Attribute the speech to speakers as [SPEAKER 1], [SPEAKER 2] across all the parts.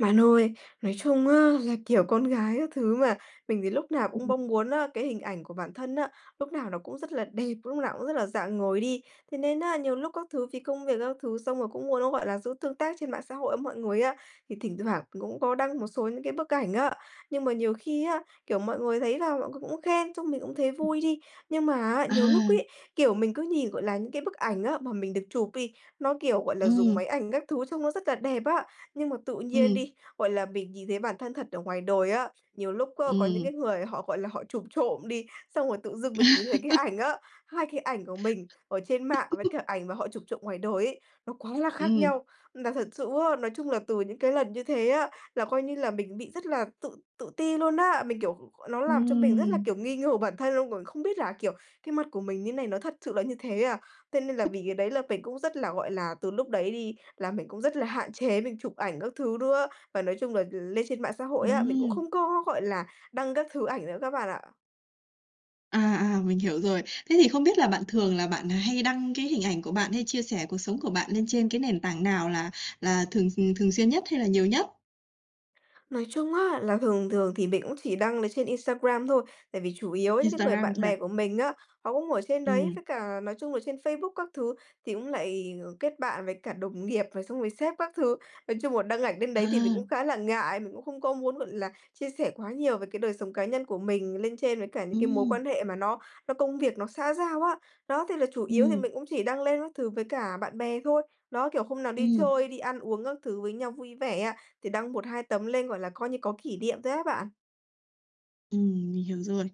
[SPEAKER 1] Bạn ơi, nói chung á, là, kiểu, con gái các thứ mà, mình thì lúc nào cũng bong muốn á, cái hình ảnh của bản thân á, lúc nào nó cũng rất là đẹp, lúc nào cũng rất là rạng ngời đi, thế nên á, nhiều lúc các thứ vì công việc các thứ xong rồi cũng muốn nó, gọi là, giữ tương tác trên mạng xã hội với mọi người á, thì thỉnh thoảng cũng có đăng một số những cái bức ảnh á. Nhưng mà nhiều khi á, kiểu, mọi người thấy là mọi người cũng khen, xong mình cũng thấy vui đi, nhưng mà á, nhiều lúc
[SPEAKER 2] À!
[SPEAKER 1] ấy, kiểu, mình cứ nhìn, gọi là, những cái bức ảnh á, mà mình được chụp đi, nó, kiểu, gọi là, dùng
[SPEAKER 2] Ừm.
[SPEAKER 1] máy ảnh các thứ trông nó rất là đẹp á, nhưng mà tự nhiên
[SPEAKER 2] Ừm.
[SPEAKER 1] đi, gọi là, mình nhìn thấy bản thân thật ở ngoài đời á, nhiều lúc á, có những
[SPEAKER 2] Ừm.
[SPEAKER 1] cái người họ, gọi là, họ chụp trộm đi, xong rồi tự dưng mình nhìn thấy cái ảnh á, hai cái ảnh của mình ở trên mạng với cả ảnh mà họ chụp trộm ngoài đời ấy, nó quá là khác
[SPEAKER 2] Ừm.
[SPEAKER 1] nhau. Là thật sự á, nói chung là từ những cái lần như thế á, là coi như là mình bị rất là tự tự ti luôn á, mình, kiểu, g gọi nó làm cho mình rất là,
[SPEAKER 2] Ừm.
[SPEAKER 1] kiểu, nghi ngờ bản thân luôn, còn không biết là, kiểu, "Cái mặt của mình như này, nó thật sự là như thế à?" Thế nên là vì cái đấy là mình cũng rất là, gọi là, từ lúc đấy đi, là mình cũng rất là hạn chế mình chụp ảnh các thứ nữa, và nói chung là l lên trên mạng xã hội á, mình cũng
[SPEAKER 2] Ừm.
[SPEAKER 1] không có, gọi là, đăng các thứ ảnh nữa các bạn ạ.
[SPEAKER 2] À, à, mình hiểu rồi. Thế thì không biết là bạn thường là bạn hay đăng cái hình ảnh của bạn hay chia sẻ cuộc sống của bạn lên trên cái nền tảng nào là là thường thường xuyên nhất hay là nhiều nhất?
[SPEAKER 1] Nói chung á là thường thường thì mình cũng chỉ đăng ở trên Instagram thôi, tại vì chủ yếu những cái người
[SPEAKER 2] Instagram
[SPEAKER 1] bạn
[SPEAKER 2] thôi à?
[SPEAKER 1] bè của mình á, họ cũng ở trên đấy.
[SPEAKER 2] Ừm.
[SPEAKER 1] Với cả nói chung là trên Facebook các thứ thì cũng lại kết bạn với cả đồng nghiệp rồi xong rồi sếp các thứ. Nói chung là đăng ảnh lên đấy thì mình cũng
[SPEAKER 2] À.
[SPEAKER 1] khá là ngại. Mình cũng không có muốn, gọi là, chia sẻ quá nhiều về cái đời sống cá nhân của mình lên trên với cả những cái mối
[SPEAKER 2] Ừm.
[SPEAKER 1] quan hệ mà nó nó công việc, nó xã giao á. Đó! Thì là chủ yếu thì
[SPEAKER 2] Ừm.
[SPEAKER 1] mình cũng chỉ đăng lên các thứ với cả bạn bè thôi. Đó! Kiểu, hôm nào đi
[SPEAKER 2] Ừm.
[SPEAKER 1] chơi, đi ăn uống các thứ với nhau vui vẻ á, thì đăng 1-2 tấm lên, gọi là, coi như có kỷ niệm thôi á bạn.
[SPEAKER 2] Ừm, mình hiểu rồi.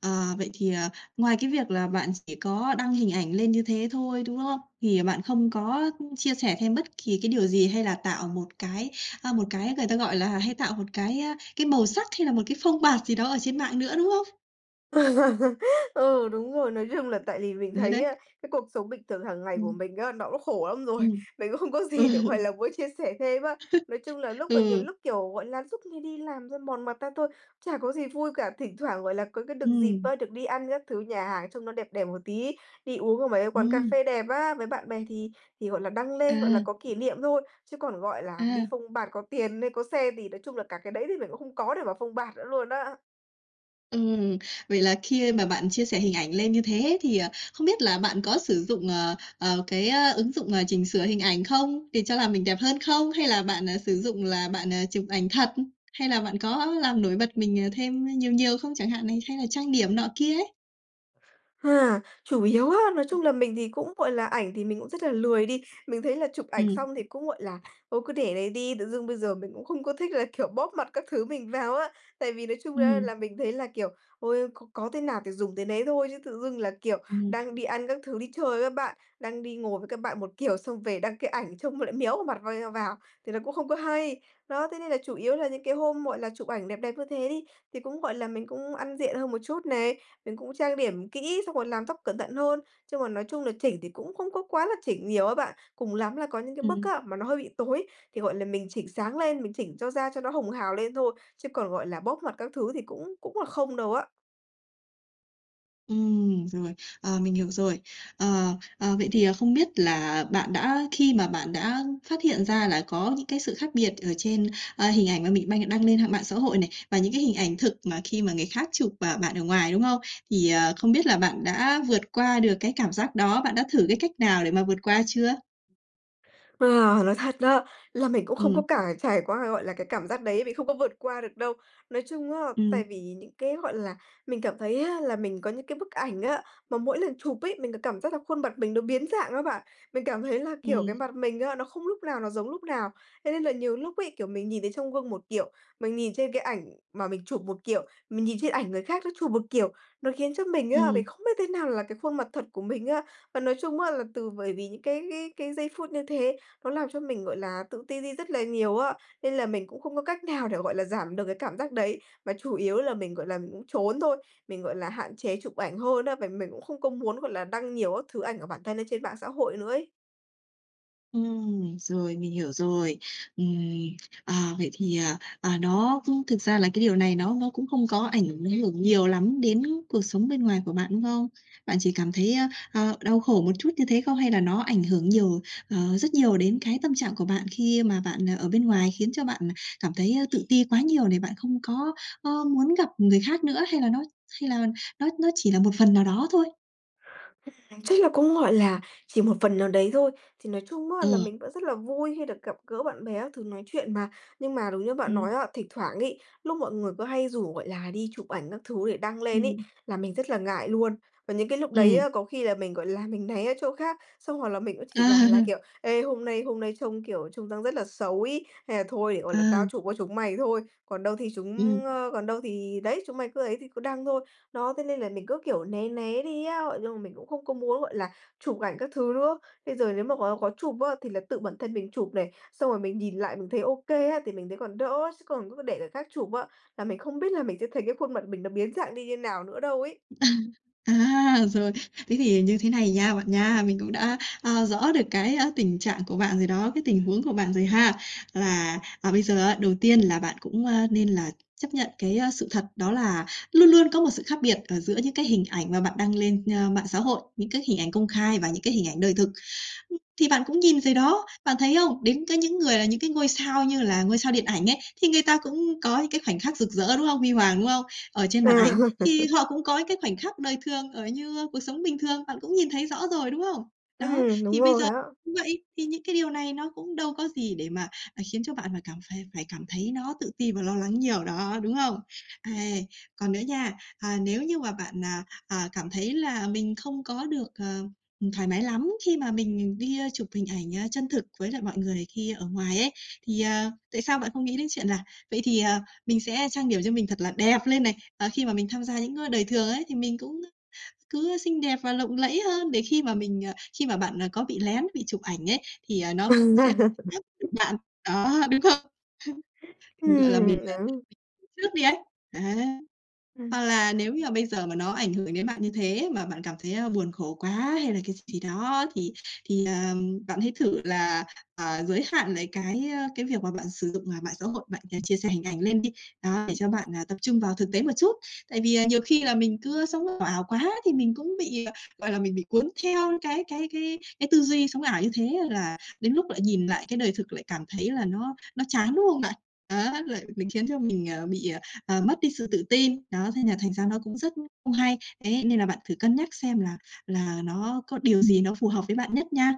[SPEAKER 2] Ờ, vậy thì, ờ, ngoài cái việc là bạn chỉ có đăng hình ảnh lên như thế thôi, đúng không? Thì bạn không có chia sẻ thêm bất kỳ cái điều gì, hay là tạo một cái, ờ, một cái người ta gọi là hay tạo một cái, ơ, cái màu sắc hay là một cái phông bạt gì đó ở trên mạng nữa, đúng không?
[SPEAKER 1] Ừ, đúng rồi, nói chung là tại vì mình
[SPEAKER 2] Đấy,
[SPEAKER 1] thấy
[SPEAKER 2] đấy.
[SPEAKER 1] á, cái cuộc sống bình thường hàng ngày của
[SPEAKER 2] Ừm.
[SPEAKER 1] mình á, nó cũng khổ lắm rồi.
[SPEAKER 2] Ừm.
[SPEAKER 1] Mình cũng không có gì để, gọi là, muốn chia sẻ thêm á. Nói chung là lúc, à, nhiều
[SPEAKER 2] Ừ.
[SPEAKER 1] lúc, kiểu, gọi là, suốt ngày đi làm thôi mòn mặt ra thôi, chả có gì vui cả. Thỉnh thoảng, gọi là, có cái được dịp
[SPEAKER 2] Ừm.
[SPEAKER 1] á, được đi ăn các thứ nhà hàng trông nó đẹp đẹp một tí, đi uống ở mấy quán cà
[SPEAKER 2] Ừm.
[SPEAKER 1] phê đẹp á, với bạn bè thì thì, gọi là, đăng lên, gọi là,
[SPEAKER 2] À.
[SPEAKER 1] có kỷ niệm thôi. Chứ còn, gọi là, đi
[SPEAKER 2] À.
[SPEAKER 1] phông bạt có tiền, có xe thì nói chung là cả cái đấy thì mình cũng không có để mà phông bạt nữa luôn á.
[SPEAKER 2] Ừm, vậy là khi mà bạn chia sẻ hình ảnh lên như thế thì, ờ, không biết là bạn có sử dụng, ờ, ờ, cái, à, ứng dụng, ờ, chỉnh sửa hình ảnh không, để cho làm mình đẹp hơn không? Hay là bạn, à, sử dụng là bạn, à, chụp ảnh thật, hay là bạn có làm nổi bật mình thêm nhiều nhiều không chẳng hạn này, hay là trang điểm nọ kia ấy.
[SPEAKER 1] À, chủ yếu á, nói chung là mình thì cũng, gọi là, ảnh thì mình cũng rất là lười đi. Mình thấy là chụp ảnh
[SPEAKER 2] Ừm.
[SPEAKER 1] xong thì cũng, gọi là, thôi cứ để đấy đi, tự dưng bây giờ mình cũng không có thích là, kiểu, bóp mặt các thứ mình vào á. Tại vì nói chung á
[SPEAKER 2] Ừm.
[SPEAKER 1] là mình thấy là, kiểu, ôi, có có thế nào thì dùng thế nấy thôi, chứ tự dưng là, kiểu,
[SPEAKER 2] Ừm.
[SPEAKER 1] đang đi ăn các thứ, đi chơi với bạn, đang đi ngồi với các bạn một kiểu, xong về đăng cái ảnh trông lại méo vào mặt vào, thì nó cũng không có hay. Đó! Thế nên là chủ yếu là những cái hôm, gọi là, chụp ảnh đẹp đẹp như thế đi, thì cũng, gọi là, mình cũng ăn diện hơn một chút này, mình cũng trang điểm kỹ xong rồi làm tóc cẩn thận hơn. Chung là nói chung là, chỉnh thì cũng không có quá là chỉnh nhiều á bạn. Cùng lắm là có những cái bức
[SPEAKER 2] Ừm.
[SPEAKER 1] á, mà nó hơi bị tối, thì, gọi là, mình chỉnh sáng lên, mình chỉnh cho da cho nó hồng hào lên thôi, chứ còn, gọi là, bóp mặt các thứ thì cũng cũng là không đâu á.
[SPEAKER 2] Ừm, rồi, ờ, mình hiểu rồi. Ờ, ờ, vậy thì không biết là bạn đã khi mà bạn đã phát hiện ra là có những cái sự khác biệt ở trên, ờ, hình ảnh mà mình bạn đăng lên hạng mạng xã hội này, và những cái hình ảnh thực mà khi mà người khác chụp, à, bạn ở ngoài, đúng không, thì, ờ, không biết là bạn đã vượt qua được cái cảm giác đó bạn đã thử cái cách nào để mà vượt qua chưa?
[SPEAKER 1] Ờ, nói thật đó, là mình cũng không có
[SPEAKER 2] Ừm.
[SPEAKER 1] cả trải qua, gọi là, cái cảm giác đấy, vì không có vượt qua được đâu. Nói chung á, tại
[SPEAKER 2] Ừm.
[SPEAKER 1] vì những cái, gọi là, mình cảm thấy á, là mình có những cái bức ảnh á, mà mỗi lần chụp ấy, mình có cảm giác là khuôn mặt mình nó biến dạng á bạn, mình cảm thấy là, kiểu, cái
[SPEAKER 2] Ừm.
[SPEAKER 1] mặt mình á, nó không lúc nào nó giống lúc nào. Thế nên là nhiều lúc ấy, kiểu, mình nhìn thấy trong gương một kiểu, mình nhìn trên cái ảnh mà mình chụp một kiểu, mình nhìn trên ảnh người khác nó chụp một kiểu, nó khiến cho mình á, mình
[SPEAKER 2] Ừm.
[SPEAKER 1] không biết thế nào là cái khuôn mặt thật của mình á. Và nói chung á, là từ bởi vì những cái cái cái giây phút như thế, nó làm cho mình, gọi là, tự ti đi rất là nhiều á, nên là mình cũng không có cách nào để, gọi là, giảm được cái cảm giác đấy, mà chủ yếu là mình, gọi là, mình cũng, trốn thôi. Mình, gọi là, hạn chế chụp ảnh hơn á, và mình cũng không có muốn, gọi là, đăng nhiều các thứ ảnh ở bản thân lên trên mạng xã hội nữa ấy.
[SPEAKER 2] Ừm, rồi mình hiểu rồi. Ừm, à, vậy thì, à, à, nó thực ra là cái điều này nó nó cũng không có ảnh hưởng nhiều lắm đến cuộc sống bên ngoài của bạn, đúng không? Bạn chỉ cảm thấy, a, ơ, đau khổ một chút như thế không? Hay là nó ảnh hưởng nhiều, ờ, rất nhiều đến cái tâm trạng của bạn khi mà bạn ở bên ngoài khiến cho bạn cảm thấy tự ti quá nhiều này, bạn không có, ờ, muốn gặp người khác nữa, hay là nó hay là nó nó chỉ là một phần nào đó thôi?
[SPEAKER 1] Ừm, chắc là cũng, gọi là, chỉ một phần nào đấy thôi. Thì nói chung á là
[SPEAKER 2] Ờ.
[SPEAKER 1] mình vẫn rất là vui khi được gặp gỡ bạn bè các thứ nói chuyện mà. Nhưng mà đúng như bạn nói
[SPEAKER 2] Ừm.
[SPEAKER 1] á, thỉnh thoảng ấy, lúc mọi người cứ hay rủ, gọi là, đi chụp ảnh các thứ để đăng lên ấy,
[SPEAKER 2] Ừm.
[SPEAKER 1] là mình rất là ngại luôn. Và những cái lúc đấy
[SPEAKER 2] Ừm.
[SPEAKER 1] á, có khi là mình, gọi là, mình né ra chỗ khác. Xong hoặc là mình cũng chỉ bảo là
[SPEAKER 2] À!
[SPEAKER 1] kiểu: "Ê, hôm nay hôm nay trông, kiểu, trông rằng rất là xấu ấy, hay là thôi để, gọi là, tao
[SPEAKER 2] À.
[SPEAKER 1] chụp cho chúng mày thôi, còn đâu thì
[SPEAKER 2] Ừm.
[SPEAKER 1] chúng, ờ còn đâu thì đấy, chúng mày cứ ấy thì cứ đăng thôi." Đó! Thế nên là mình cứ, kiểu, né né đi á, ờ, nhưng mà mình cũng không có muốn, gọi là, chụp ảnh các thứ nữa. Bây giờ nếu mà có có chụp á, thì là tự bản thân mình chụp này, xong rồi mình nhìn lại mình thấy OK á, thì mình thấy còn đỡ á. Chứ còn cứ để người khác chụp á, là mình không biết là mình sẽ thấy cái khuôn mặt mình nó biến dạng đi như nào nữa đâu ấy.
[SPEAKER 2] À, rồi. Thế thì như thế này nha, bạn nha. Mình cũng đã, ờ, rõ được cái, à, tình trạng của bạn rồi đó, cái tình huống của bạn rồi ha. Là, à, bây giờ á, đầu tiên là bạn cũng, a, nên là chấp nhận cái, ờ, sự thật đó là luôn luôn có một sự khác biệt, ờ, giữa những cái hình ảnh mà bạn đăng lên, ơ, mạng xã hội, những cái hình ảnh công khai và những cái hình ảnh đời thực. Ừm, thì bạn cũng nhìn rồi đó, bạn thấy không? Đến cái những người là những cái ngôi sao như là ngôi sao điện ảnh ấy, thì người ta cũng có những cái khoảnh khắc rực rỡ, đúng không? Huy hoàng, đúng không? Ở trên
[SPEAKER 1] À!
[SPEAKER 2] màn ảnh thì họ cũng có những cái khoảnh khắc đời thường ở như cuộc sống bình thường, bạn cũng nhìn thấy rõ rồi, đúng không? Đó,
[SPEAKER 1] Ừm, đúng
[SPEAKER 2] thì bây giờ
[SPEAKER 1] rồi á.
[SPEAKER 2] cũng vậy, thì những cái điều này nó cũng đâu có gì để mà, à, khiến cho bạn phải cảm phải phải cảm thấy nó tự ti và lo lắng nhiều đó, đúng không? Ây, còn nữa nha. À, nếu như mà bạn, à, à, cảm thấy là mình không có được, ờ, thoải mái lắm khi mà mình đi chụp hình ảnh chân thực với lại mọi người khi ở ngoài ấy, thì, ờ, tại sao bạn không nghĩ đến chuyện là vậy thì, à, mình sẽ trang điểm cho mình thật là đẹp lên này, ờ, khi mà mình tham gia những cái đời thường ấy, thì mình cũng cứ, ờ, xinh đẹp và lộng lẫy hơn để khi mà mình ờ, khi mà bạn có bị lén, bị chụp ảnh ấy, thì, ờ, nó cũng sẽ [unintelligible] được bạn. Đó, đúng không? Gọi là mình, [unintelligible]
[SPEAKER 1] Ừm, đó.
[SPEAKER 2] tính trước đi ấy. Đấy!
[SPEAKER 1] Ừm.
[SPEAKER 2] Hoặc là nếu như mà bây giờ mà nó ảnh hưởng đến bạn như thế mà bạn cảm thấy buồn khổ quá hay là cái gì gì đó, thì thì, à, bạn hãy thử là, à, giới hạn lại cái, ờ, cái việc mà bạn sử dụng mạng xã hội, bạn chia sẻ hình ảnh lên đi. Đó, để cho bạn, à, tập trung vào thực tế một chút. Tại vì, à, nhiều khi là mình cứ, ơ, sống ảo quá thì mình cũng bị, gọi là, mình bị cuốn theo cái cái cái cái tư duy sống ảo như thế là đến lúc lại nhìn lại cái đời thực lại cảm thấy là nó nó chán, đúng không bạn? Đó, là mình khiến cho mình, ờ, bị, à, mất đi sự tự tin. Đó, thế nên là thành ra nó cũng rất không hay. Đấy, nên là bạn thử cân nhắc xem là là nó có điều gì nó phù hợp với bạn nhất nha.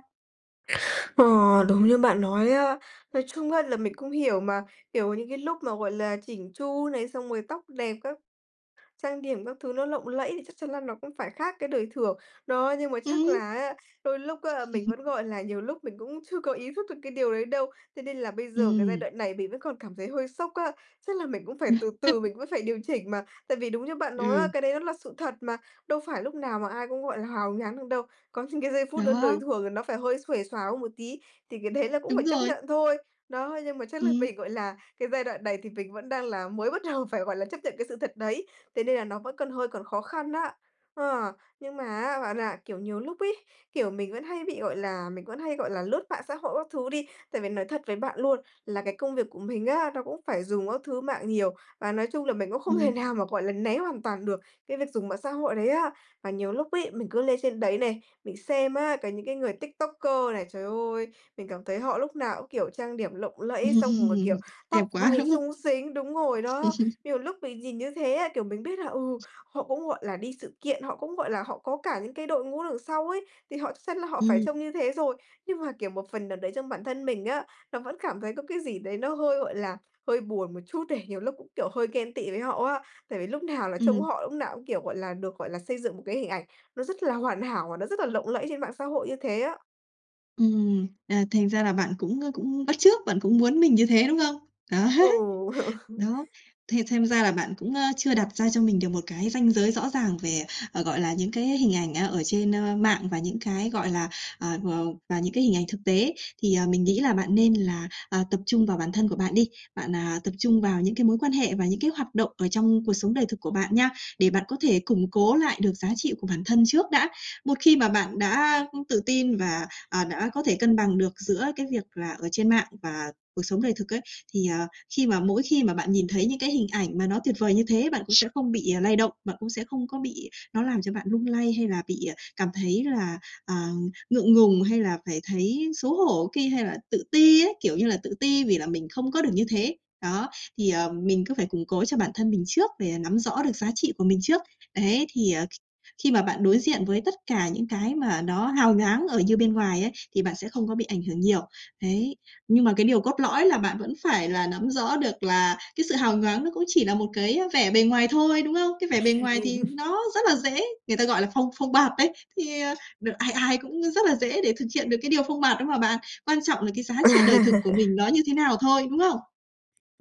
[SPEAKER 1] Ờ, đúng như bạn nói á. Nói chung á, là mình cũng hiểu mà, kiểu, những cái lúc mà, gọi là, chỉn chu này, xong rồi tóc đẹp các trang điểm các thứ nó lộng lẫy, thì chắc chắn là nó cũng phải khác cái đời thường. Đó, nhưng mà chắc
[SPEAKER 2] Ừm.
[SPEAKER 1] là á, đôi lúc á, mình vẫn, gọi là, nhiều lúc mình cũng chưa có ý thức được cái điều đấy đâu, thế nên là bây giờ cái giai
[SPEAKER 2] Ừm.
[SPEAKER 1] đoạn này mình vẫn còn cảm thấy hơi sốc á, chắc là mình cũng phải từ từ mình vẫn phải điều chỉnh mà. Tại vì đúng như bạn nói á,
[SPEAKER 2] Ừm.
[SPEAKER 1] cái đấy nó là sự thật mà, đâu phải lúc nào mà ai cũng, gọi là, hào nhoáng được đâu, có những cái giây phút đơn đời
[SPEAKER 2] Đó.
[SPEAKER 1] thường thì nó phải hơi xuề xoà hơn một tí, thì cái đấy là cũng phải
[SPEAKER 2] Đúng
[SPEAKER 1] chấp
[SPEAKER 2] rồi.
[SPEAKER 1] nhận thôi. Đó, nhưng mà chắc là
[SPEAKER 2] Ừm.
[SPEAKER 1] mình, gọi là, cái giai đoạn này thì mình vẫn đang là mới bắt đầu phải, gọi là, chấp nhận cái sự thật đấy, thế nên là nó vẫn còn hơi còn khó khăn á. Ờ, nhưng mà á, bạn, à, kiểu, nhiều lúc ấy, kiểu, mình vẫn hay bị, gọi là, mình vẫn hay, gọi là, lướt mạng xã hội các thứ đi, tại vì nói thật với bạn luôn là cái công việc của mình á, nó cũng phải dùng các thứ mạng nhiều, và nói chung là mình cũng không thể
[SPEAKER 2] Ừm.
[SPEAKER 1] nào mà, gọi là, né hoàn toàn được cái việc dùng mạng xã hội đấy á. Mà nhiều lúc ấy, mình cứ lên trên đấy này, mình xem á, cả những cái người TikToker này, trời ơi, mình cảm thấy họ lúc nào cũng, kiểu, trang điểm lộng lẫy xong rồi, kiểu,
[SPEAKER 2] Đẹp
[SPEAKER 1] tóc
[SPEAKER 2] quá,
[SPEAKER 1] váy
[SPEAKER 2] đúng không?
[SPEAKER 1] xúng xính đúng rồi đó, nhiều lúc mình nhìn như thế á, kiểu, mình biết là, ừ, họ cũng, gọi là, đi sự kiện, họ cũng, gọi là, họ có cả những cái đội ngũ đằng sau ấy, thì họ chắc chắn là họ phải
[SPEAKER 2] Ừm.
[SPEAKER 1] trông như thế rồi, nhưng mà, kiểu, một phần nào đấy trong bản thân mình á, nó vẫn cảm thấy có cái gì đấy nó hơi, gọi là, hơi buồn một chút này, nhiều lúc cũng, kiểu, hơi ghen tị với họ á, tại vì lúc nào là trông
[SPEAKER 2] Ừm.
[SPEAKER 1] họ lúc nào cũng, kiểu, gọi là, được, gọi là, xây dựng một cái hình ảnh, nó rất là hoàn hảo và nó rất là lộng lẫy trên mạng xã hội như thế á.
[SPEAKER 2] Ừm, à, thành ra là bạn cũng, ơ, cũng bắt chước, bạn cũng muốn mình như thế, đúng không? Đấy.
[SPEAKER 1] Ừ.
[SPEAKER 2] Đó, thì xem ra là bạn cũng, ơ, chưa đặt ra cho mình được một cái ranh giới rõ ràng, về, ờ, gọi là, những cái hình ảnh, a, ở trên, ơ, mạng và những cái, gọi là, ờ, v và những cái hình ảnh thực tế. Thì, ờ, mình nghĩ là bạn nên là, ờ, tập trung vào bản thân của bạn đi, bạn, à, tập trung vào những cái mối quan hệ và những cái hoạt động ở trong cuộc sống đời thực của bạn nha, để bạn có thể củng cố lại được giá trị của bản thân trước đã. Một khi mà bạn đã, ưm, tự tin và, à, đã có thể cân bằng được giữa cái việc là ở trên mạng và cuộc sống đời thực ấy, thì, à, khi mà mỗi khi mà bạn nhìn thấy những cái hình ảnh mà nó tuyệt vời như thế, bạn cũng sẽ không bị, ờ, lay động, bạn cũng sẽ không có bị nó làm cho bạn lung lay hay là bị, à, cảm thấy là, à, ngượng ngùng hay là phải thấy xấu hổ ki hay là tự ti ấy, kiểu như là, tự ti vì là mình không có được như thế. Đó, thì, ờ, mình cứ phải củng cố cho bản thân mình trước để, à, nắm rõ được giá trị của mình trước, đấy, thì, ờ, kh khi mà bạn đối diện với tất cả những cái mà nó hào nhoáng ở như bên ngoài ấy, thì bạn sẽ không có bị ảnh hưởng nhiều, đấy. Nhưng mà cái điều cốt lõi là bạn vẫn phải là nắm rõ được là cái sự hào nhoáng nó cũng chỉ là một cái, ơ, vẻ bề ngoài thôi, đúng không? Cái vẻ bề ngoài thì
[SPEAKER 1] [unintelligible]
[SPEAKER 2] nó rất là dễ, người ta, gọi là, phông phông bạt đấy, thì, ờ, đ ai ai cũng, ơ, rất là dễ để thực hiện được cái điều phông bạt đó mà bạn, quan trọng là cái giá trị đời thực của mình nó như thế nào thôi, đúng không?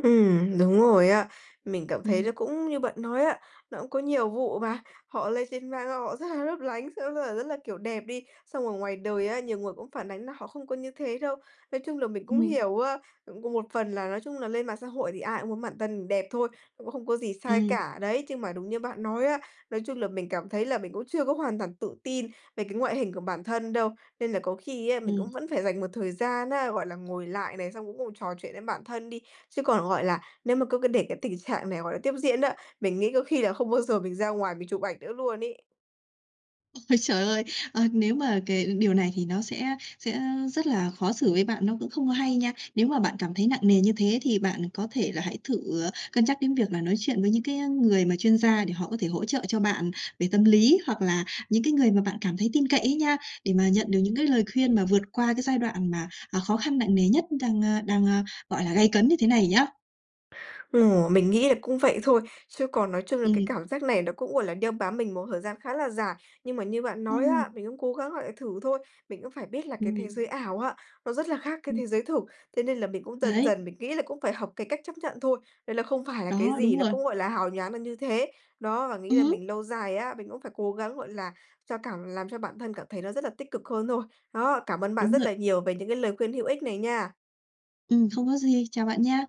[SPEAKER 1] Ừm, đúng rồi á. Mình cảm thấy nó
[SPEAKER 2] Ừm.
[SPEAKER 1] cũng như bạn nói á, nó cũng có nhiều vụ mà, họ lên trên mạng xong họ rất là lấp lánh, xong đó là rất là, kiểu, đẹp đi, xong ở ngoài đời á, nhiều người cũng phản ánh là họ không có như thế đâu. Nói chung là mình cũng
[SPEAKER 2] Ừm.
[SPEAKER 1] hiểu á, cũng cùng một phần là nói chung là lên mạng xã hội thì ai cũng muốn bản thân đẹp thôi, cũng không có gì sai
[SPEAKER 2] Ừm.
[SPEAKER 1] cả đấy, nhưng mà đúng như bạn nói á, nói chung là mình cảm thấy là mình cũng chưa có hoàn toàn tự tin về cái ngoại hình của bản thân đâu. Nên là có khi á mình
[SPEAKER 2] Ừm.
[SPEAKER 1] cũng vẫn phải dành một thời gian á, gọi là, ngồi lại này, xong cũng ngồi trò chuyện với bản thân đi, chứ còn, gọi là, nếu mà cứ cứ để cái tình trạng này, gọi là, tiếp diễn á, mình nghĩ có khi là không bao giờ mình ra ngoài mình chụp ảnh nữa luôn ấy.
[SPEAKER 2] Ôi, trời ơi! Ờ, nếu mà cái điều này thì nó sẽ sẽ, ơ, rất là khó xử với bạn, nó cũng không có hay nha. Nếu mà bạn cảm thấy nặng nề như thế thì bạn có thể là hãy thử, ờ, cân nhắc đến việc là nói chuyện với những cái, ơ, người mà chuyên gia để họ có thể hỗ trợ cho bạn về tâm lý, hoặc là những cái người mà bạn cảm thấy tin cậy ấy nha, để mà nhận được những cái lời khuyên mà vượt qua cái giai đoạn mà, à, khó khăn nặng nề nhất đang, a, đang, a, gọi là, gay cấn như thế này nhá.
[SPEAKER 1] Ồ! mình nghĩ là cũng vậy thôi, chứ còn nói chung là cái
[SPEAKER 2] Ừm.
[SPEAKER 1] cảm giác này nó cũng, gọi là, đeo bám mình một thời gian khá là dài, nhưng mà như bạn nói á,
[SPEAKER 2] Ừm
[SPEAKER 1] mình cũng cố gắng, gọi là, thử thôi. Mình cũng phải biết là cái thế
[SPEAKER 2] Ừm.
[SPEAKER 1] giới ảo á, nó rất là khác cái
[SPEAKER 2] Ừm.
[SPEAKER 1] thế giới thực. Thế nên là mình cũng dần
[SPEAKER 2] Đấy.
[SPEAKER 1] dần, mình nghĩ là cũng phải học cái cách chấp nhận thôi, đấy là không phải là cái
[SPEAKER 2] Đó,
[SPEAKER 1] gì
[SPEAKER 2] đúng
[SPEAKER 1] nó
[SPEAKER 2] rồi.
[SPEAKER 1] cũng gọi là hào nhoáng được như thế. Đó, và nghĩ là
[SPEAKER 2] Ừm.
[SPEAKER 1] mình lâu dài á, mình cũng phải cố gắng, gọi là, cho cảm làm cho bản thân cảm thấy nó rất là tích cực hơn thôi. Đó. Cảm ơn bạn
[SPEAKER 2] Đúng
[SPEAKER 1] rất
[SPEAKER 2] rồi.
[SPEAKER 1] là nhiều về những cái lời khuyên hữu ích này nha!
[SPEAKER 2] Ừm, không có gì, chào bạn nha.